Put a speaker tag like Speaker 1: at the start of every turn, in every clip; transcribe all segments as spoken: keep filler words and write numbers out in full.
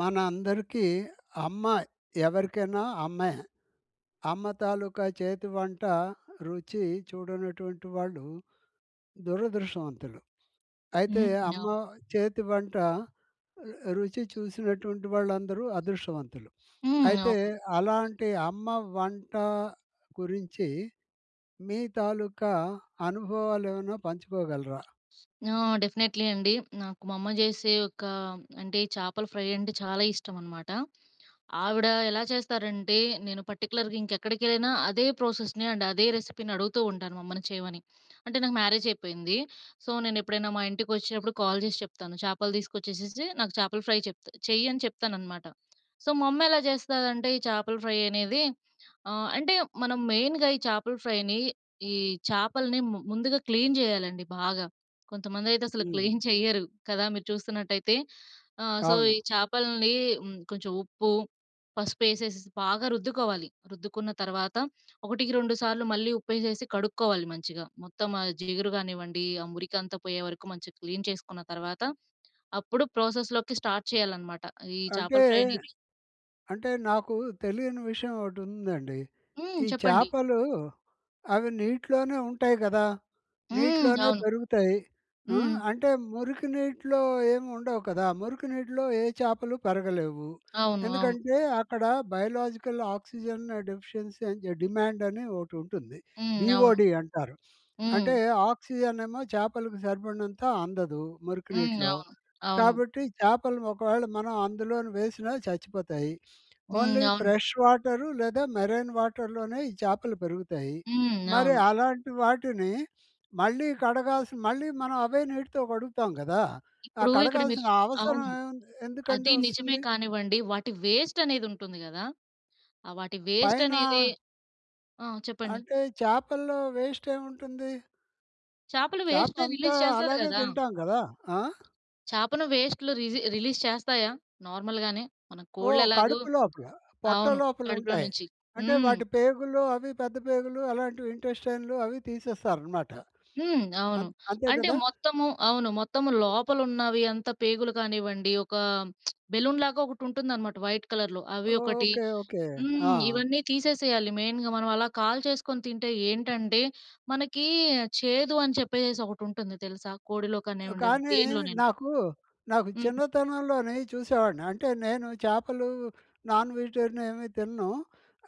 Speaker 1: మనందరికీ అమ్మ ఎవరికైనా అమ్మే. అమ్మ తాలూకా చేతి వంట రుచి చూడనటువంటి వాళ్ళు దురదృష్టవంతులు. అయితే
Speaker 2: హ్మ్.
Speaker 1: అమ్మ
Speaker 2: అవును.
Speaker 1: చేతి వంట రుచి చూసినటువంటి వాళ్ళందరూ అదృష్టవంతులు.
Speaker 2: హ్మ్.
Speaker 1: అయితే
Speaker 2: అవును.
Speaker 1: అలాంటి అమ్మ వంట గురించి మీ తాలూకా అనుభవాలు ఏమైనా పంచుకోగలరా?
Speaker 2: ఆ! డెఫినెట్‌లీ అండి. నాకు మా అమ్మ జెసే ఒక అంటే ఈ చాపల ఫ్రై అంటే చాలా ఇష్టమన్మాట. ఆవిడ ఎలా చేస్తారంటే, నేను పర్టిక్యులర్‌గా ఇంకెక్కడికెళ్ళినా అదే ప్రాసెస్‌ని అండ్ అదే రెసిపీ‌ని అడుగుతుంటాను మా అమ్మని చేయమని. అంటే నాకు మ్యారేజ్ అయిపోయింది. సో, నేను ఎప్పుడైనా మా ఇంటికొచ్చినప్పుడు కాల్ చేసి చెప్తాను చాపలు తీసుకొచ్చేసేసి నాకు చాపల ఫ్రై చెప్తా చెయ్యి అని చెప్తాననమాట. సో, మా అమ్మ ఎలా చేస్తదంటే ఈ చాపల ఫ్రై అనేది ఆహ్, అంటే మనం మెయిన్‌గా ఈ చాపల ఫ్రైని ఈ చాపల్ని ము ముందుగా క్లీన్ చేయాలండి బాగా. కొంతమందైతే అసలు
Speaker 1: హ్మ్.
Speaker 2: క్లీన్ చెయ్యరు కదా! మీరు చూస్తున్నటైతె. ఆ! సో,
Speaker 1: అవును.
Speaker 2: ఈ చాపల్ని హ్మ్, కొంచెం ఉప్పు, పసుపు వేసేసి బాగా రుద్దుకోవాలి, రుద్దుకున్న తర్వాత ఒకటికి రెండు సార్లు మళ్ళీ ఉప్పు వేసేసి కడుక్కోవాలి మంచిగా. మొత్తం ఆ జీగురు కానివ్వండి, ఆ మురికంతా పోయేవరకు మంచిగా క్లీన్ చేసుకున్న తర్వాత అప్పుడు ప్రాసెస్‌లోకి స్టార్ట్ చేయాలనమాట. ఈ
Speaker 1: అంటే
Speaker 2: చాపల ఫ్రై అనేది.
Speaker 1: అంటే నాకు తెలియని విషయం ఒకటి ఉందండి.
Speaker 2: హ్మ్
Speaker 1: ఈ
Speaker 2: చెప్పండి.
Speaker 1: చాపలు అవి నీటిలోనే ఉంటాయి కదా!
Speaker 2: హ్మ్.
Speaker 1: నీటిలోనే
Speaker 2: అవును.
Speaker 1: పెరుగుతాయి. ఆ!
Speaker 2: హ్మ్.
Speaker 1: అంటే మురికి నీటిలో ఏమి ఉండవు కదా! మురికి నీటిలో ఏ చాపలు పెరగలేవు.
Speaker 2: అవును. అవును.
Speaker 1: ఎందుకంటే అక్కడ బయోలాజికల్ ఆక్సిజన్ డెఫిషియన్సీ అని జ డిమాండ్ అని ఒకటి ఉంటుంది.
Speaker 2: హ్మ్. అవును.
Speaker 1: బిఓడి అంటారు.
Speaker 2: హ్మ్.
Speaker 1: అంటే ఆక్సిజన్ ఏమో చాపలకు సరిపడినంత అందదు మురికి
Speaker 2: హ్మ్.
Speaker 1: నీటిలో
Speaker 2: అవును. అవును.
Speaker 1: కాబట్టి, చాపలు ఒకవేళ మనం అందులోను వేసినా చచ్చిపోతాయి.
Speaker 2: హ్మ్.
Speaker 1: ఓన్లీ
Speaker 2: అవును.
Speaker 1: ఫ్రెష్ వాటరు లేదా మెరైన్ వాటర్‌లోనే ఈ చాపలు పెరుగుతాయి.
Speaker 2: హ్మ్.
Speaker 1: మరి
Speaker 2: అవును.
Speaker 1: అలాంటి వాటిని మళ్ళీ కడగాల్సి మళ్ళీ మనం అవే నీటితో కడుగుతాం కదా! ఆ
Speaker 2: ఇప్పుడు ఇక్కడ మీరు
Speaker 1: కడగాల్సిన
Speaker 2: చు
Speaker 1: అవసరం
Speaker 2: అవును.
Speaker 1: ఏముంది? ఎందుకండి
Speaker 2: అది నిజమే
Speaker 1: వస్తుంది?
Speaker 2: కానివ్వండి వాటి వేస్ట్ అనేది ఉంటుంది కదా! వాటి వేస్ట్ అనేదే
Speaker 1: పైన
Speaker 2: ఆ! చెప్పండి?
Speaker 1: అంటే చాపల్లో వేస్ట్ ఏముంటుంది?
Speaker 2: చాపలు
Speaker 1: చాప
Speaker 2: వేస్ట్ఏజ్
Speaker 1: అంతా
Speaker 2: రిలీస్ చేస్తది
Speaker 1: అలాగే
Speaker 2: కదా!
Speaker 1: తింటాం కదా. ఆ?
Speaker 2: చాపను పేస్ట్‌లు రిజి రిలీజ్ చేస్తాయా? నార్మల్ గానే మన కోళ్ళు
Speaker 1: ఓహ్!
Speaker 2: ఎలాగో
Speaker 1: కడుపు లోపల, పొట్ట
Speaker 2: అవును.
Speaker 1: లోపల
Speaker 2: కడుపులో
Speaker 1: ఉంటాయి.
Speaker 2: నుంచి.
Speaker 1: అంటే
Speaker 2: హ్మ్.
Speaker 1: వాటి పేగులు అవి పెద్ద పేగులు, అలాంటివి ఇంటెస్టైన్‌లు అవి తీసేస్తారు అన్నమాట.
Speaker 2: హ్మ్, అవును.
Speaker 1: అన్ అంతే
Speaker 2: అంటే
Speaker 1: కదా!
Speaker 2: మొత్తము అవును మొత్తము లోపల ఉన్నవి అంతా పేగులు కానివ్వండి, ఒక బెలూన్ లాగా ఒకటి ఉంటుందనమాట వైట్ కలర్‍లో అవి ఒకటి.
Speaker 1: ఓకే. ఓకే.
Speaker 2: హ్మ్,
Speaker 1: ఆ!
Speaker 2: ఇవన్నీ తీసేసేయాలి మెయిన్‍గా. మనం అలా కాల్చేసుకొని తింటే ఏంటంటే మనకి చేదు అని చెప్పేసి ఒకటి ఉంటుంది తెలుసా? కోడిలో కనే
Speaker 1: ఆ!
Speaker 2: ఉండేవి
Speaker 1: కానీ
Speaker 2: దేనిలోనైనా.
Speaker 1: నాకు నాకు
Speaker 2: హ్మ్.
Speaker 1: చిన్నతనంలోనే ఈ చూసేవాడిని అంటే నేను చాపలు, నాన్ వెజిటేరియన్ ఏమి తినను.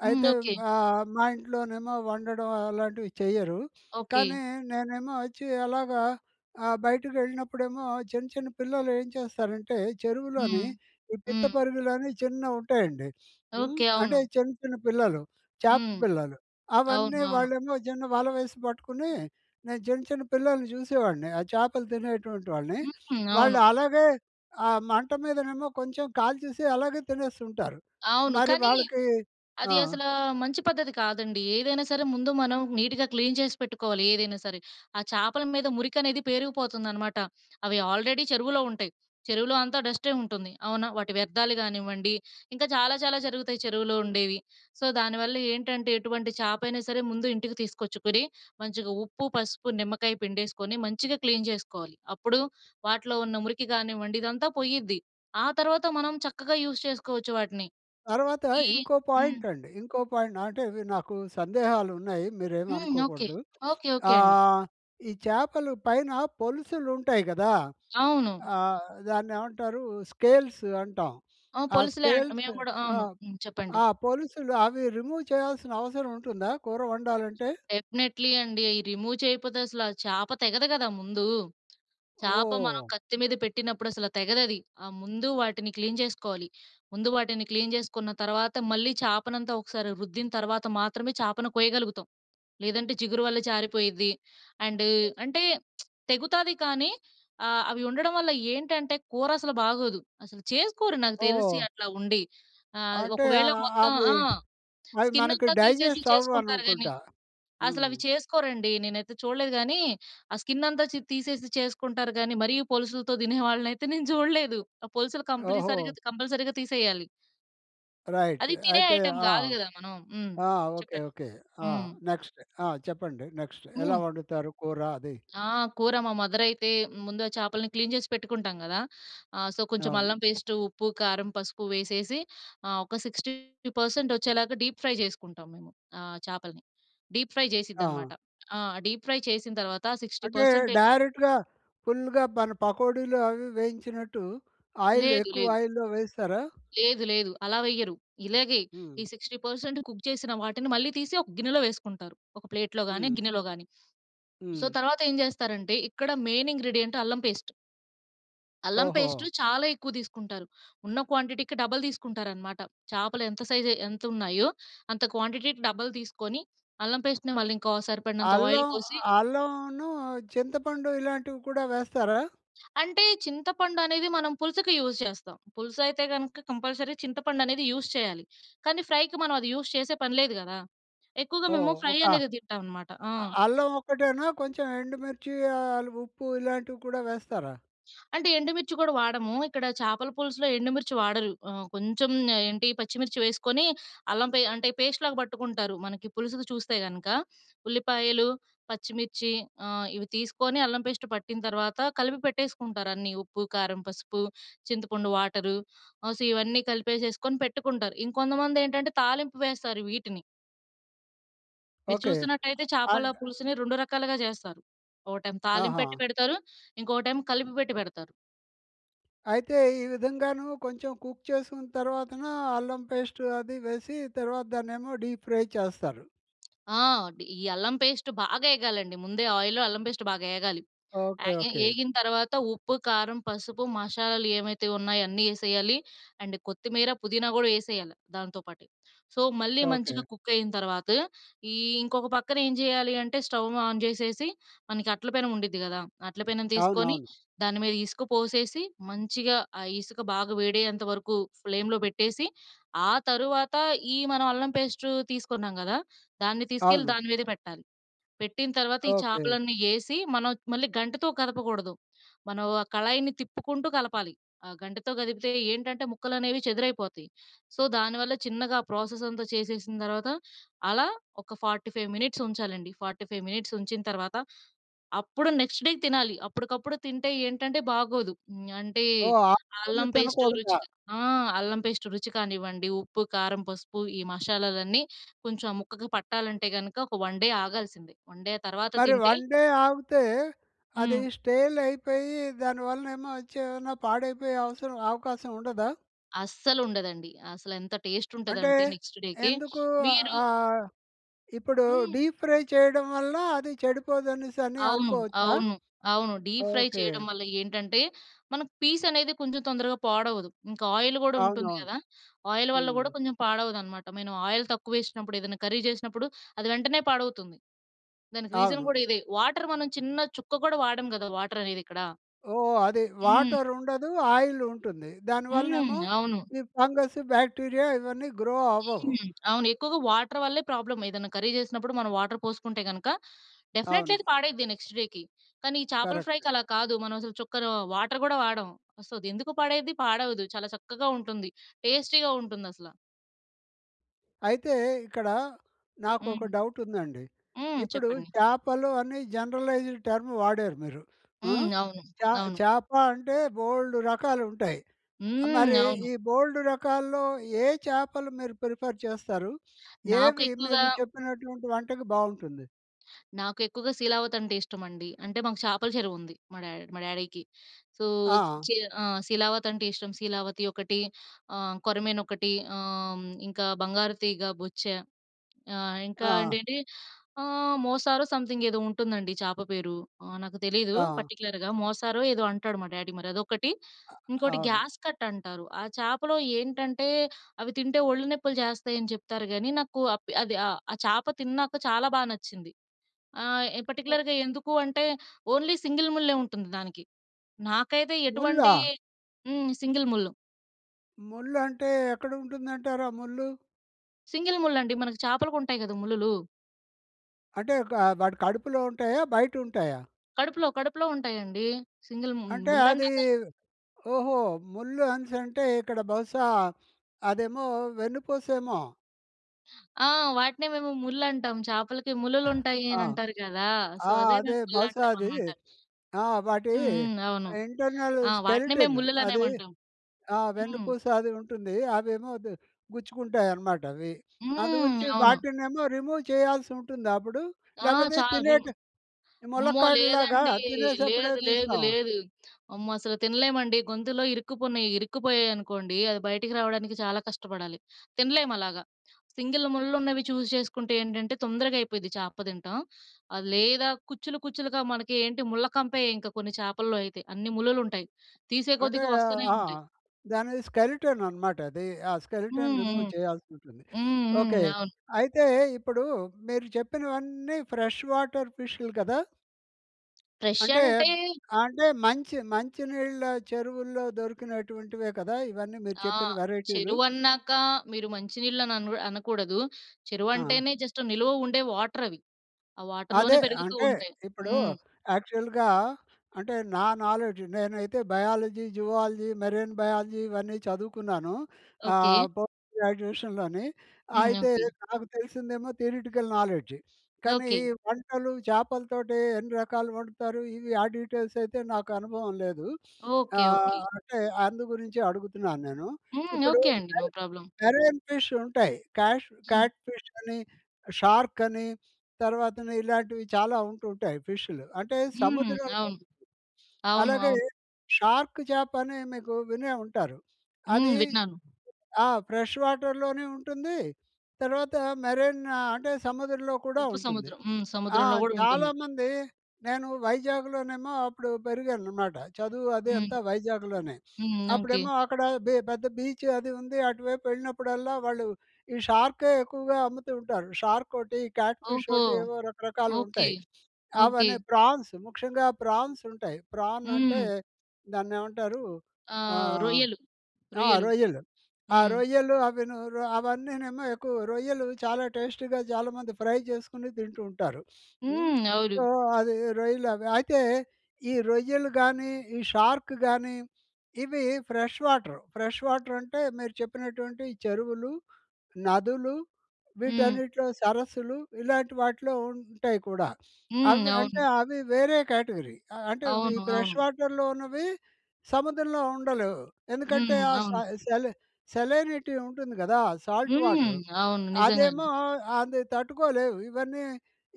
Speaker 2: హ్మ్.
Speaker 1: అయితే
Speaker 2: ఓకే.
Speaker 1: ఆహ్, మా ఇంట్లోనేమో వండడం అలాంటివి చెయ్యరు.
Speaker 2: ఓకే.
Speaker 1: కానీ నేనేమో వచ్చి అలాగా ఆహ్, బయటకకెళ్ళినప్పుడేమో చిన్న చిన్న పిల్లలు ఏం చేస్తారంటే చెరువులోని
Speaker 2: హ్మ్.
Speaker 1: ఈ పిత్త
Speaker 2: హ్మ్.
Speaker 1: పరిగలని చిన్నవి ఉంటాయండి. హ్మ్,
Speaker 2: ఓకే.
Speaker 1: అంటే
Speaker 2: అవును.
Speaker 1: చిన్న చిన్న పిల్లలు చాప
Speaker 2: హ్మ్.
Speaker 1: పిల్లలు.
Speaker 2: అవును.
Speaker 1: అవన్నీ
Speaker 2: అవును.
Speaker 1: వాళ్ళేమో చిన్న వల వేసి పట్టుకొని నేను చిన్న చిన్న పిల్లల్ని చూసేవాడిని. ఆ చాపలు తినేటువంటి వాళ్ళని,
Speaker 2: హ్మ్. అవును.
Speaker 1: వాళ్ళు అలాగే ఆ మంట మీదనేమో కొంచెం కాల్చేసి అలాగే తినేస్తుంటారు.
Speaker 2: అవును.
Speaker 1: మరి
Speaker 2: కానీ
Speaker 1: వాళ్ళకి ఆ!
Speaker 2: అది అసల మంచి పద్ధతి కాదండి. ఏదైనా సరే ముందు మనం నీట్‌గా క్లీన్ చేసి పెట్టుకోవాలి ఏదైనా సరే. ఆ చాపల మీద మురికి అనేది పేరుకుపోతుందనమాట. అవి ఆల్రెడీ చెరువులో ఉంటాయి. చెరువులో అంతా డస్టే ఉంటుంది. అవునా? వాటి వ్యర్థాలు కానివ్వండి, ఇంకా చాలా చాలా జరుగుతాయి చెరువులో ఉండేవి. సో, దానివల్ల ఏంటంటే ఎటువంటి చాప అయినా సరే ముందు ఇంటికి తీసుకొచ్చుకొని మంచిగా ఉప్పు, పసుపు, నిమ్మకాయ పిండేసుకొని మంచిగా క్లీన్ జెసుకోవాలి. అప్పుడు వాటిలో ఉన్న మురికి కానివ్వండి ఇదంతా పోయిద్ది. ఆ తర్వాత మనం చక్కగా యూస్ చేసుకోవచ్చు వాటిని.
Speaker 1: తర్వాత
Speaker 2: ఈ
Speaker 1: ఇంకో
Speaker 2: హ్మ్.
Speaker 1: పాయింట్ అండి. ఇంకో పాయింట్ అంటే మీరు నాకు సందేహాలు ఉన్నాయి
Speaker 2: హ్మ్ ఓకే.
Speaker 1: మీరేమనుకోకూడదు.
Speaker 2: ఓకే ఓకే అండి.
Speaker 1: ఆహ్, ఈ చాపలు పైన పొలుసులు ఉంటాయి కదా!
Speaker 2: అవును.
Speaker 1: ఆ! దాన్ని ఏమంటారు? స్కేల్స్ అంటాం.
Speaker 2: ఆ
Speaker 1: ఆ
Speaker 2: పోలుసులే అంటాం
Speaker 1: స్కేల్స్
Speaker 2: మేము కూడా
Speaker 1: ఆ!
Speaker 2: అవును. హ్మ్, చెప్పండి.
Speaker 1: ఆ పొలుసులు అవి రిమూవ్ చేయాల్సిన అవసరం ఉంటుందా కూర వండాలంటే?
Speaker 2: డెఫినెట్‌లీ అండి. అయి రిమూవ్ చేయకపోతే అసలు ఆ చాప తెగదు కదా! ముందు. చాప మనం
Speaker 1: ఓహ్!
Speaker 2: కత్తి మీద పెట్టినప్పుడు అసలు తెగదు అది. ఆ! ముందు వాటిని క్లీన్ చేసుకోవాలి. ముందు వాటిని క్లీన్ చేసుకున్న తర్వాత మళ్ళీ చాపనంతా ఒకసారి రుద్దిన తర్వాత మాత్రమే చాపను కోయగలుగుతాం. లేదంటే చిగురు వల్ల జారిపోయిద్ది. అండ్ అంటే తెగుతాది కానీ, ఆహ్, అవి ఉండడం వల్ల ఏంటంటే కూర అసలు బాగోదు. అసలు చేసుకోరు నాకు తెలిసి
Speaker 1: ఓహ్!
Speaker 2: అట్లా ఉండి. ఆ! ఆది
Speaker 1: అంటే అ
Speaker 2: ఒకవేళ
Speaker 1: అ
Speaker 2: మొత్తం
Speaker 1: అవి
Speaker 2: ఆ!
Speaker 1: అవి
Speaker 2: స్కిన్
Speaker 1: మనకి
Speaker 2: అంతా తీసేసి
Speaker 1: డైజెస్ట్ అవ్వవు
Speaker 2: చేసుకుంటారు కాని
Speaker 1: అనుకుంటా.
Speaker 2: అసలు
Speaker 1: హ్మ్.
Speaker 2: అవి చేసుకోరండి. నేనైతే చూడలేదు. కానీ, ఆ స్కిన్ అంతా చి తీసేసి చేసుకుంటారు గాని మరీ పోలుసులతో తినే వాళ్ళనైతే నేను చూడలేదు. ఆ పోలుసులు
Speaker 1: ఓహో!
Speaker 2: కంప్లీసరిగా కంపల్సరీగా తీసేయాలి.
Speaker 1: రైట్.
Speaker 2: అది తినే
Speaker 1: అయితే
Speaker 2: ఐటెమ్
Speaker 1: ఆ!
Speaker 2: గాదు గదా, మనం. హ్మ్.
Speaker 1: ఆ! ఓకే.
Speaker 2: చెప్పండి.
Speaker 1: ఓకే. ఆ!
Speaker 2: హ్మ్.
Speaker 1: నెక్స్ట్ ఆ! చెప్పండి నెక్స్ట్. ఎలా
Speaker 2: హ్మ్.
Speaker 1: వండుతారు కూర అది?
Speaker 2: ఆ! కూర మా మదర్ అయితే, ముందు ఆ చాపల్ని క్లీన్ చేసి పెట్టుకుంటాం గదా! ఆహ్, సో, కొంచెం
Speaker 1: అవును.
Speaker 2: అల్లం పేస్ట్, ఉప్పు, కారం, పసుపు వేసేసి ఆహ్, ఒక సిక్స్టీ పర్సెంట్ వచ్చేలాగా డీప్ ఫ్రై చేసుకుంటాం మేము ఆహ్, చాపల్ని. Deep fry చేసిద్దనమాట.
Speaker 1: ఆ!
Speaker 2: ఆ! డీప్ ఫ్రై చేసిన తర్వాత సిక్స్టీ
Speaker 1: అంటే
Speaker 2: పర్సెంట్ ఎ
Speaker 1: డైరెక్ట్‌గా ఫుల్‌గా మన పకోడీలు, అవీ వేయించినట్టు ఆయిల్
Speaker 2: లేదు
Speaker 1: ఎక్కువ
Speaker 2: లేదు.
Speaker 1: ఆయిల్‌లో వేస్తారా?
Speaker 2: లేదు లేదు. అలా వెయ్యరు. ఇలాగే ఈ
Speaker 1: హ్మ్.
Speaker 2: సిక్స్టీ పర్సెంట్ కుక్ చేసిన వాటిని మళ్లీ తీసి ఒక గిన్నెలో వేసుకుంటారు. ఒక ప్లేట్‌లో గాని,
Speaker 1: హ్మ్
Speaker 2: గిన్నెలో గాని. సో,
Speaker 1: హ్మ్.
Speaker 2: తర్వాత ఏం జేస్తారంటే ఇక్కడ మెయిన్ ఇంగ్రీడియెన్ట్ అల్లం పేస్ట్... అల్లం పేస్టు
Speaker 1: ఓహో!
Speaker 2: చాలా ఎక్కువ తీసుకుంటారు. ఉన్న క్వాంటిటీకి డబల్ తీసుకుంటారనమాట. చాపలు ఎంత సైజ్ ఎంత ఉన్నాయో అంత క్వాంటిటీకి డబల్ తీసుకొని అల్లం పేస్ట్‌ని మళ్ళీ ఇంకో సరిపడినంత ఆయిల్
Speaker 1: అల్లం
Speaker 2: పోసి
Speaker 1: అల్లంనూ, చింతపండు ఇలాంటివి కూడా వేస్తారా?
Speaker 2: అంటే చింతపండది మనం పులుసుకి యూజ్ చేస్తాం. పులుసు అయితే గనుక కంపల్సరీ చింతపండనేది యూజ్ చేయాలి. కానీ ఫ్రైకి మనం అది యూజ్ చేసే పని లేదు గదా! ఎక్కువగా మేము
Speaker 1: ఓహ్!
Speaker 2: ఫ్రై
Speaker 1: ఒక
Speaker 2: అనేదే తింటాం అనమాట. ఆ!
Speaker 1: అ అల్లం ఒక్కటేనా కొంచెం ఎండుమిర్చి ఆహ్, ఉప్పు ఇలాంటివి కూడా వేస్తారా?
Speaker 2: అంటే, ఎండుమిర్చి కూడా వాడము. ఇక్కడ చేపల పులుసులో ఎండుమిర్చి వాడరు. ఆహ్, కొంచెం ఏంటి పచ్చిమిర్చి వేసుకొని అల్లం పే అంటే పేస్ట్‌లాగా పట్టుకుంటారు. మనకి పులుసుకి చూస్తే కను, క ఉల్లిపాయలు, పచ్చిమిర్చి ఆహ్, ఇవి తీసుకొని అల్లం పేస్ట్ పట్టిన తర్వాత కలిపి పెట్టేసుకుంటారు అన్నీ. ఉప్పు, కారం, పసుపు, చింతపండు, వాటరు ఆహ్, సో, ఇవన్నీ కలిపేసేసుకొని పెట్టుకుంటారు. ఇంకొంతమంది ఏంటంటే, తాలింపు వేస్తారు వీటిని. మీరు
Speaker 1: ఓకే.
Speaker 2: చూసినట్టయితే చేపల
Speaker 1: అన్
Speaker 2: పులుసుని రెండు రకాలుగా జేస్తారు. ఒకటేమో
Speaker 1: ఆహా!
Speaker 2: తాలింపెట్టి పెడతారు. ఇంకొకటేమో కలిపి పెట్టి పెడతారు.
Speaker 1: అయితే ఈ విధంగాను కొంచెం కుక్ చేసుకున్న తర్వాతనా అల్లం పేస్టు అది వేసి, తర్వాత దాన్నేమో డీప్ ఫ్రై చేస్తారు.
Speaker 2: ఆ! డి ఈ అల్లం పేస్ట్ బాగా ఏగాలండి, ముందే ఆయిల్‌లో అల్లం పేస్ట్ బాగా ఏగాలి.
Speaker 1: ఓకే.
Speaker 2: యాగే
Speaker 1: ఓకే.
Speaker 2: యేగిన తర్వాత ఉప్పు, కారం పసుపు మషాలాలు యేవైతే ఉన్నాయో అన్నీ యేసేయాలి అండ్ కొత్తిమీర, పుదీనా గూడా యేసేయాలి దానితో పాటే. సో, మళ్ళీ మంచిగా
Speaker 1: ఓకే.
Speaker 2: కుక్కయిన తర్వాత, ఈ ఇంకొక పక్కన ఏం జేయాలీ అంటే స్టవ్ ఆన్ జేసేసి మనకి అట్ల పెనం ఉండిద్ది గదా! అట్ల పెనం తీసుకొని
Speaker 1: అవునవును.
Speaker 2: దాని మీద ఇసుక పోసేసి, మంచిగా ఆ ఇసుక బాగా వేడయ్యేంత వరకు ఫ్లేమ్‌లో పెట్టేసి, ఆ తర్వాత ఈ మనం అల్లం పేస్టు తీసుకున్నాం కదా! దాన్ని తీసుకెళ్ళి
Speaker 1: అవును.
Speaker 2: దాని మీదే పెట్టాలి. పెట్టిన తర్వాత ఈ
Speaker 1: ఓకే.
Speaker 2: చేపలన్నీ యేసి, మనం మళ్ళీ గంటెతో కదపకూడదు. మనం ఆ కళాయిని తిప్పుకుంటూ కలపాలి. ఆ గంటెతో కదిపితే ఏంటంటే ముక్కలనేవి చెదురైపోతాయి. సో, దానివల్ల చిన్నగా ప్రాసెసంతా చేసేసిన తర్వాత అలా ఒక ఫార్టీ ఫైవ్ మినిట్స్ ఉంచాలండి. ఫార్టీ ఫైవ్ మినిట్స్ ఉంచిన తర్వాత, అప్పుడు నెక్స్ట్ డేకి తినాలి. అప్పటికప్పుడు తింటే ఏంటంటే బాగోదు. అంటే
Speaker 1: ఓహ్! ఆ రోజు
Speaker 2: అల్లం పేస్టు
Speaker 1: తినకూడదా?
Speaker 2: రుచిగా ఆహ్, అల్లం పేస్ట్ రుచి కానివ్వండి, ఉప్పు, కారం, పసుపు, ఈ మషాలాలన్నీ కొంచెం ఆ ముక్కకి పట్టాలంటే గనుక ఒక వన్ డే ఆగాల్సిందే వన్ డే తర్వాత
Speaker 1: మరి
Speaker 2: తింటే
Speaker 1: వన్ డే ఆగుతే అది
Speaker 2: హ్మ్.
Speaker 1: స్టేలయిపోయి దాని వల్ల ఏమో వచ్చి, ఏమైనా పాడైపోయే అవసరం అవకాశం ఉండదా?
Speaker 2: అస్సలుండదండి. అసలెంత
Speaker 1: అంటే
Speaker 2: టేస్టుంటదంటే నెక్స్ట్ డేకి
Speaker 1: ఎందుకు?
Speaker 2: మీరూ
Speaker 1: ఆహ్, ఇప్పుడు
Speaker 2: హ్మ్.
Speaker 1: డీప్ ఫ్రై చేయడం వల్ల అది చెడిపోదనేసని
Speaker 2: అవును.
Speaker 1: అనుకోవచ్చా?
Speaker 2: అవును. అవును. Deep fry
Speaker 1: okay.
Speaker 2: చేయడం వల్ల ఏంటంటే మనకి పీసనేది కొంచెం తొందరగా పాడవదు. ఇంకా ఆయిలు గూడా ఉంటుంది
Speaker 1: అవునవును.
Speaker 2: కదా! ఆయిలు వల్ల
Speaker 1: హ్మ్.
Speaker 2: గూడా కొంచెం పాడవదనమాట. మనం ఆయిల్ తక్కువేషినప్పుడు ఏదన్నా కర్రీ జేసినప్పుడు అది వెంటనే పాడవుతుంది. దానికి రీజన్
Speaker 1: అవును.
Speaker 2: గూడా ఇదే. వాటర్ మనం చిన్న చుక్క కూడా వాడం గదా! వాటరనేదిక్కడ.
Speaker 1: ఓహ్! అదీ.
Speaker 2: హ్మ్.
Speaker 1: వాటరుండదు. ఆయిలుంటుంది.
Speaker 2: హ్మ్.
Speaker 1: దానివల్లనేమో
Speaker 2: అవును.
Speaker 1: ఈ ఫంగస్సు బాక్టీరియా ఇవన్నీ గ్రో అవ్వవు.
Speaker 2: హ్మ్. అవును. ఎక్కువగా వాటర్ వల్లే ప్రాబ్లమ్. ఏదన్నా కర్రీ చేసినప్పుడు మనం వాటర్ పోసుకుంటే గనుక డెఫినిట్లీ అది
Speaker 1: అవును.
Speaker 2: పాడైద్ది నెక్స్ట్ డేకి. కానీ ఈ చేపల ఫ్రైకి
Speaker 1: కరెక్ట్.
Speaker 2: అలా కాదు. మనం అసలు చుక్కరు వాటర్ కూడా వాడం. సో, అదెందుకు పాడైద్ది? పాడవదు. చాలా చక్కగా ఉంటుంది. టేస్టీగా ఉంటుందసల.
Speaker 1: అయితే, ఇక్కడ నాకు ఒక
Speaker 2: హ్మ్.
Speaker 1: డౌట్ ఉందండి.
Speaker 2: హ్మ్.
Speaker 1: ఇప్పుడు
Speaker 2: చెప్పండి.
Speaker 1: చాపలు అని జనరలైజ్డ్ టర్మ్ వాడారు మీరు. ఆ!
Speaker 2: హ్మ్. అవును,
Speaker 1: చ
Speaker 2: అవును.
Speaker 1: చేప అంటే బోలేడు రకాలు ఉంటాయి.
Speaker 2: హ్మ్.
Speaker 1: మరి
Speaker 2: అవును.
Speaker 1: ఈ బోలేడు రకాల్లో ఏ చేపలు మీరు ప్రిఫర్ చేస్తారు?
Speaker 2: నాకు
Speaker 1: ఏవి
Speaker 2: ఎక్కువగా
Speaker 1: మీరు చెప్పినటువంటి వంటకి బాగుంటుంది?
Speaker 2: నాకు ఎక్కువగా 'శీలావతి' అంటే ఇష్టమండి. అంటే మాకు చాపల చెరువు ఉంది, మా డ్యాడీ మా డ్యాడీకి. సో
Speaker 1: ఆ!
Speaker 2: శీ ఆహ్, శీలావతి అంటే ఇష్టం శీలావతి ఒకటి ఆహ్, కొరమేను ఒకటి ఆహ్, ఇంకా బంగారు తీగ, బొచ్చా, ఆహ్, ఇంకా
Speaker 1: ఆ!
Speaker 2: ఏంటంటే ఆహ్, మోసారో సమ్‌థింగ్ ఏదో ఉంటుందండి చాప పేరు నాకు తెలీదు
Speaker 1: ఆ!
Speaker 2: పర్టిక్యులర్‌గా. మోసారో ఏదో అంటాడు మా డ్యాడీ మరి అదొకటి.
Speaker 1: అ
Speaker 2: ఇంకోటి
Speaker 1: అవును.
Speaker 2: గ్యాస్ కట్ అంటారు. ఆ చేపలో ఏంటంటే అవి తింటే ఒళ్ళు నొప్పులు చేస్తాయి అని చెప్తారు గానీ, నాకు అప్ అది ఆహ్, ఆ చేప తిన్నాక చాలా బాగా నచ్చింది. ఆహ్, పార్టిక్యులర్‌గా ఎందుకు అంటే ఓన్లీ సింగిల్ ముళ్ళే ఉంటుంది దానికి. నాకైతే
Speaker 1: ముల్లా?
Speaker 2: ఎటువంటి హ్మ్. సింగిల్ ముళ్ళు.
Speaker 1: ముల్లు అంటే ఎక్కడ ఉంటుందంటారు, ఆ ముల్లు?
Speaker 2: సింగల్ ముళ్ళండి. మనకు చాపలకు ఉంటాయి గద ముల్లులు.
Speaker 1: అంటే ఒకా వాటి కడుపులో ఉంటయా? బయట ఉంటయా?
Speaker 2: కడుపులో కడుపులో ఉంటయండి. సింగిల్ ము
Speaker 1: అంటే అదీ
Speaker 2: ముల్లన్నాక
Speaker 1: ఓహో! ముళ్ళు అనేసి అంటే ఇక్కడ బహుశా అదేమో వెన్నుపోసేమో?
Speaker 2: ఆహ్, వాటినే మేము ముళ్ళంటాం. చేపలకి ముళ్ళు‌లు
Speaker 1: అ!
Speaker 2: ఉంటాయి అని అంటారు కదా! సో
Speaker 1: ఆ!
Speaker 2: అదే
Speaker 1: అదే
Speaker 2: మేము
Speaker 1: బహుశా అది
Speaker 2: ముళ్ళుంటామనమాట.
Speaker 1: ఆ! వాటి
Speaker 2: హ్మ్ హ్మ్. అవును.
Speaker 1: ఇంటర్నల్
Speaker 2: ఆ! వాటినే మేము
Speaker 1: స్కెలిటన్ అది
Speaker 2: ముళ్ళు‌లనేమంటాం.
Speaker 1: ఆ!
Speaker 2: హ్మ్.
Speaker 1: వెన్నుపూస అది ఉంటుంది అవేమో ఇది గుచ్చుకుంటాయనమాట అవి. అందు
Speaker 2: హ్మ్.
Speaker 1: గురించి
Speaker 2: అవును.
Speaker 1: వాటినేమో రిమూవ్ చేయాల్సి ఉంటుందా అప్పుడు?
Speaker 2: ఆ!
Speaker 1: లేకపోతే
Speaker 2: చా విన్
Speaker 1: తినేటి
Speaker 2: అమ్మో!
Speaker 1: ములక్కాడలాగా
Speaker 2: లేదండీ.
Speaker 1: తినేసేప్పుడే
Speaker 2: లేదు లేదు
Speaker 1: తీస్తామా?
Speaker 2: లేదు. అమ్మో! అసలు తినలేమండి గొంతులో ఇరుక్కుపునయి, ఇరుక్కుపోయాయి అనుకోండి అది బయటికి రావడానికి చాలా కష్టపడాలి. తినలేము అలాగా. సింగిల్ ముళ్ళులు ఉన్నవి చూస్ చేసుకుంటే ఏంటంటే తొందరగా అయిపోద్ది చాప తినటం. అది లేదా, కుచ్చులు కుచ్చులుగా మనకి ఏంటి ముళ్ళ కంపే ఇంక కొన్ని చేపల్లో అయితే. అన్ని ముళ్లు‌లు ఉంటయి. తీసే
Speaker 1: అంటే
Speaker 2: కొద్దికి
Speaker 1: ఆహ్,
Speaker 2: వస్తునే
Speaker 1: ఆ!
Speaker 2: ఉంటయి.
Speaker 1: దాని స్కెలిటన్ అనమాట అది. ఆ
Speaker 2: హుహు.
Speaker 1: స్కెలిటన్ రిమూవ్ చేయాల్సి ఉంటుంది.
Speaker 2: హ్మ్
Speaker 1: ఓకె.
Speaker 2: హ్మ్. అవును.
Speaker 1: అయితే ఇప్పుడు మీరు చెప్పినవన్నీ ఫ్రెష్ వాటర్ ఫిష్‌లు కదా!
Speaker 2: ఫ్రెష్
Speaker 1: అంటే,
Speaker 2: అంటే
Speaker 1: అంటే మంచి మంచినీళ్ళ చెరువుల్లో దొరికినటువంటివే కదా! ఇవన్నీ మీరు
Speaker 2: ఆ!
Speaker 1: చెప్పిన వెరైటీలు.
Speaker 2: చెరువన్నాక మీరు మంచి నీళ్ళు అని అన్ అనకూడదు.
Speaker 1: ఆ!
Speaker 2: చెరువంటేనే జస్ట్ నిలువ ఉండే వాటర్ అవి. ఆ వాటర్‌లోనే
Speaker 1: అదే
Speaker 2: పెరుగుతూ
Speaker 1: అంటే
Speaker 2: ఉంటాయి.
Speaker 1: ఇప్పుడు
Speaker 2: హ్మ్.
Speaker 1: యాక్చువల్‌గా అంటే, నా నాలెడ్జ్ నేనైతే బయాలజీ, జువాలజీ, మెరైన్ బయాలజీ ఇవన్నీ చదువుకున్నాను.
Speaker 2: ఓకే.
Speaker 1: ఆహ్, పోస్ట్ గ్రాడ్యుయేషన్‌లోని.
Speaker 2: హ్మ్.
Speaker 1: అయితే,
Speaker 2: ఓకే.
Speaker 1: నాకు తెలిసిందేమో థియరెటికల్ నాలెడ్జి. కానీ
Speaker 2: ఓకే.
Speaker 1: వంటలు చేపలతోటి ఎన్ని రకాలు వండుతారు ఇవి ఆ డీటెయిల్స్ అయితే నాకు అనుభవం లేదు.
Speaker 2: ఓకే.
Speaker 1: ఆహ్,
Speaker 2: ఓకే.
Speaker 1: అంటే అందు గురించే అడుగుతున్నాను నేను.
Speaker 2: హ్మ్.
Speaker 1: ఇప్పుడు
Speaker 2: ఓకే అండి. No
Speaker 1: more
Speaker 2: problem.
Speaker 1: Marine fish ఉంటాయి. క్యాష్
Speaker 2: హ్మ్.
Speaker 1: క్యాట్ ఫిష్ అని, షార్క్ అని, తర్వాతను ఇలాంటివి చాలా ఉంటూ ఉంటాయి ఫిష్‌లు. అంటే
Speaker 2: హ్మ్.
Speaker 1: సముద్రంలో,
Speaker 2: అవును. అవును.
Speaker 1: అలాగే
Speaker 2: అవును.
Speaker 1: షార్క్ చేప అని మీకు వినే ఉంటారు.
Speaker 2: హ్మ్.
Speaker 1: అదీ
Speaker 2: విన్నాను.
Speaker 1: ఆ! ఫ్రెష్ వాటర్‍లోనీ ఉంటుంది. తర్వాత మెరైన్ ఆహ్, అంటే సముద్రంలో కూడా
Speaker 2: ఉప్పు
Speaker 1: ఉంటుంది.
Speaker 2: సముద్రం. హ్మ్.
Speaker 1: ఆ!
Speaker 2: సముద్రంలో కూడా ఉంటుంది.
Speaker 1: చాలామంది నేను వైజాగ్‍లోనేమో అప్పుడు పెరిగాననమాట. చదువు అది
Speaker 2: హ్మ్.
Speaker 1: అంతా వైజాగ్‍లోనే.
Speaker 2: హ్మ్. ఓకే.
Speaker 1: అప్పుడేమో అక్కడ బె పెద్ద బీచ్ అది ఉంది. అటువైపు వెళ్ళినప్పుడల్లా వాళ్ళు ఈ షార్కే ఎక్కువగా అమ్ముతూ ఉంటారు. షార్క్ ఒకటి, క్యాట్ ఫిష్
Speaker 2: ఓహో!
Speaker 1: ఒకటి ఏవో రకరకాలు
Speaker 2: ఓకే.
Speaker 1: ఉంటాయి.
Speaker 2: ఓకే.
Speaker 1: అవని ప్రాన్స్. ముఖ్యంగా ప్రాన్స్ ఉంటాయి. ప్రాన్ అంటే
Speaker 2: హ్మ్.
Speaker 1: దాన్నేమంటారు.
Speaker 2: ఆ!
Speaker 1: ఆహ్
Speaker 2: రొయ్యలు.
Speaker 1: ఆ!
Speaker 2: రొయ్యలు
Speaker 1: రొయ్యలు. ఆ
Speaker 2: హ్మ్.
Speaker 1: రొయ్యలు అవి అవన్నీనేమో ఎక్కువ రొయ్యలు చాలా టేస్టీగా చాలామంది ఫ్రై చేసుకొని తింటూ ఉంటారు. హ్మ్.
Speaker 2: హ్మ్.
Speaker 1: సో,
Speaker 2: అవును.
Speaker 1: అది రొయ్యలు అవి. అయితే, ఈ రొయ్యలు గానీ, ఈ షార్క్ గానీ, ఇవి ఫ్రెష్ వాటర్. ఫ్రెష్ వాటర్ అంటే మీరు చెప్పినటువంటివి. చెరువులు, నదులు
Speaker 2: హ్మ్.
Speaker 1: వీటన్నిటిలో సరస్సులు. ఇలాంటి వాటిలో ఉంటాయి కూడా.
Speaker 2: హ్మ్.
Speaker 1: అవి అంటే
Speaker 2: అవును.
Speaker 1: అవి వేరే కేటగరీ. అంటే ఇవి
Speaker 2: అవును. అవును.
Speaker 1: ఫ్రెష్ వాటర్‌లో ఉన్నవి. సముద్రంలో ఉండలేవు. ఎందుకంటే
Speaker 2: హ్మ్.
Speaker 1: ఆ స
Speaker 2: అవును.
Speaker 1: సెలి సెలైనిటీ ఉంటుంది గదా! సాల్ట్
Speaker 2: హ్మ్.
Speaker 1: వాటర్.
Speaker 2: అవును.
Speaker 1: అదేమో
Speaker 2: నిజంగానే.
Speaker 1: అది తట్టుకోలేవు. ఇవన్నీ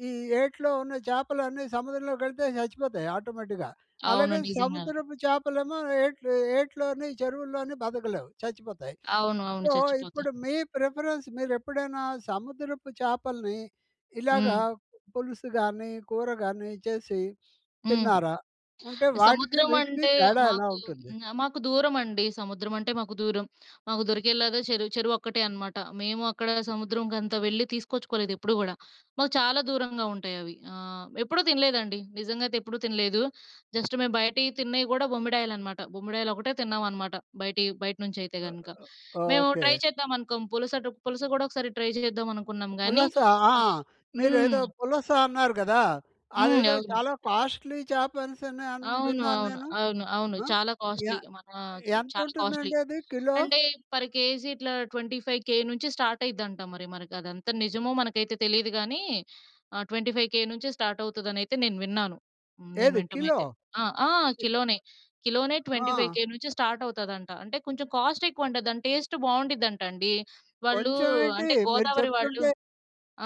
Speaker 1: ఈ ఏట్లో ఉన్న చేపలన్నీ సముద్రంలోకెళితే చచ్చిపోతాయి ఆటోమేటిక్‌గా.
Speaker 2: అవును.
Speaker 1: అలాగే
Speaker 2: నిజంగానే.
Speaker 1: సముద్రపు చేపలేమో, ఏట్లు ఏట్లోని చెరువుల్లోని బతకలేవు చచ్చిపోతాయి.
Speaker 2: అవును. అవును.
Speaker 1: సో,
Speaker 2: చచ్చిపోతాయి.
Speaker 1: ఇప్పుడు మీ ప్రిఫరెన్స్. మీరు ఎప్పుడైనా సముద్రపు చేపల్ని. ఇలాగ
Speaker 2: హ్మ్.
Speaker 1: పులుసు గానీ, కూర గానీ, చేసి
Speaker 2: హ్మ్.
Speaker 1: తిన్నారా? ఉంటే వాటికి
Speaker 2: సముద్రం
Speaker 1: వీటికి
Speaker 2: అంటే
Speaker 1: తేడా ఎలా
Speaker 2: మాకు
Speaker 1: ఉంటుంది?
Speaker 2: మాకు దూరమండి. సముద్రం అంటే మాకు దూరం మాకు దొరికేలా చెరువు చెరువు ఒక్కటే అనమాట. మేము అక్కడ సముద్రంకంతా వెళ్ళి తీసుకొచ్చుకోలేదు ఎప్పుడు కూడా. మాకు చాలా దూరంగా ఉంటాయి అవి. ఆ! ఎప్పుడూ తినలేదండి. నిజంగా అయితే ఎప్పుడూ తినలేదు. జస్ట్ మేము బయటివి తిన్నయి గూడా బొమ్మిడాయలనమాట. బొమ్మిడాయలు ఒకటే తిన్నాం అనమాట. బయటియి బయట నుంచి అయితే
Speaker 1: ఓ
Speaker 2: గనుక.
Speaker 1: ఓహ్!
Speaker 2: మేము
Speaker 1: ఓకే.
Speaker 2: ట్రై చేద్దాం అనుకోం. పులసటు పులస గూడా ఒకసారి ట్రై చేద్దాం అనుకున్నాం గానీ
Speaker 1: పులస ఆ!
Speaker 2: ఆ!
Speaker 1: మీరు
Speaker 2: హ్మ్.
Speaker 1: ఏదో పులస అన్నారు కదా!
Speaker 2: హ్మ్.
Speaker 1: అదేదో
Speaker 2: అవును.
Speaker 1: చాలా కాస్ట్‌లీ చేప అనేసని, అని
Speaker 2: అవును.
Speaker 1: విన్నాను
Speaker 2: అవును.
Speaker 1: నేను.
Speaker 2: అవును. అవును.
Speaker 1: ఆ!
Speaker 2: చాలా
Speaker 1: య
Speaker 2: కాస్ట్‌లీ. మన చాలా కాస్ట్‌లీ.
Speaker 1: యంతుంటుందండి అది కిలో?
Speaker 2: అంటే పర్ కేజీ ఇట్లా ట్వెంటీ ఫైవ్‌కే నుంచి స్టార్ట్ అయ్యిద్దంట. మరి మనకి అదంతా నిజమో మనకైతే తెలీదు గానీ. ఆహ్, ట్వెంటీ ఫైవ్‌కే నుంచే స్టార్ట్ అవుతదని అయితే నేను విన్నాను. నేను
Speaker 1: ఏది
Speaker 2: వినటం
Speaker 1: కిలో.
Speaker 2: అయితే. ఆ! ఆ! కిలోనే. కిలోనే ట్వెంటీ
Speaker 1: ఆ!
Speaker 2: ఫైవ్‌కే నుంచే స్టార్ట్ అవుతుందంట. అంటే, కొంచెం కాస్ట్ ఎక్కువంట. దాని టేస్ట్ బాగుండిదింట అండి. వాళ్ళు
Speaker 1: కొంచెం ఏంటి
Speaker 2: అంటే
Speaker 1: మీరు
Speaker 2: గోదావరి వాళ్ళు
Speaker 1: చెప్తుంటే,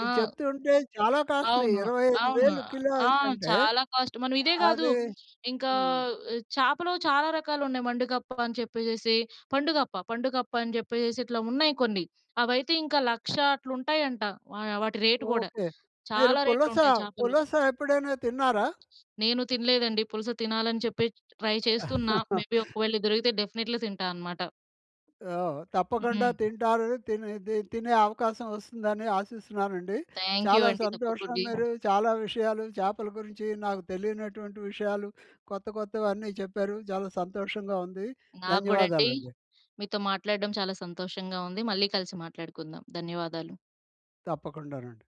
Speaker 2: ఆ!
Speaker 1: చెప్తుంటే చాలా కాస్ట్‌లీ.
Speaker 2: అవును.
Speaker 1: ఇరవై ఐదు
Speaker 2: అవును.
Speaker 1: వేలు కిలో
Speaker 2: ఆ!
Speaker 1: అనేసంటే.
Speaker 2: చాలా కాస్ట్. మనం ఇదే గాదు.
Speaker 1: అదీ
Speaker 2: ఇంకా
Speaker 1: హ్మ్.
Speaker 2: చేపలో చాలా రకాలు ఉన్నాయి. మండుగప్ప అని చెప్పేసేసి. పండుగప్ప పండుగప్ప అని జెప్పేసేసి. ఇట్లా ఉన్నాయి కొన్ని. అవైతే ఇంకా లక్ష అట్ల ఉంటాయంట. వా వాటి రేట్ గూడా,
Speaker 1: ఓకే. మీరు
Speaker 2: చాలా రేట్లు
Speaker 1: పులస,
Speaker 2: ఉంటాయి చాపలు.
Speaker 1: పులస ఎప్పుడైనా తిన్నారా?
Speaker 2: నేను తినలేదండి. పులుస తినాలని చెప్పి, ట్రై చేస్తున్న. మే బి ఒకవేళ దొరికితే డెఫినేట్లీ తింటా అనమాట.
Speaker 1: ఆ! తప్పకుండా
Speaker 2: హ్మ్.
Speaker 1: తింటారు. తినేది తినే అవకాశం వస్తుందని ఆశిస్తున్నానండి.
Speaker 2: థాంక్యు
Speaker 1: చాలా
Speaker 2: అండి.
Speaker 1: సంతోషం.
Speaker 2: తప్పకుండి.
Speaker 1: మీరు చాలా విషయాలు, చేపల గురించి నాకు తెలియనటువంటి విషయాలు. కొత్త కొత్తవన్ని చెప్పారు. చాలా సంతోషంగా ఉంది.
Speaker 2: నాకు గూడండి.
Speaker 1: ధన్యవాదాలండి.
Speaker 2: మీతో మాట్లాడడం చాలా సంతోషంగా ఉంది. మళ్ళీ కలిసి మాట్లాడుకుందాం. ధన్యవాదాలు.
Speaker 1: తప్పకుండానండి.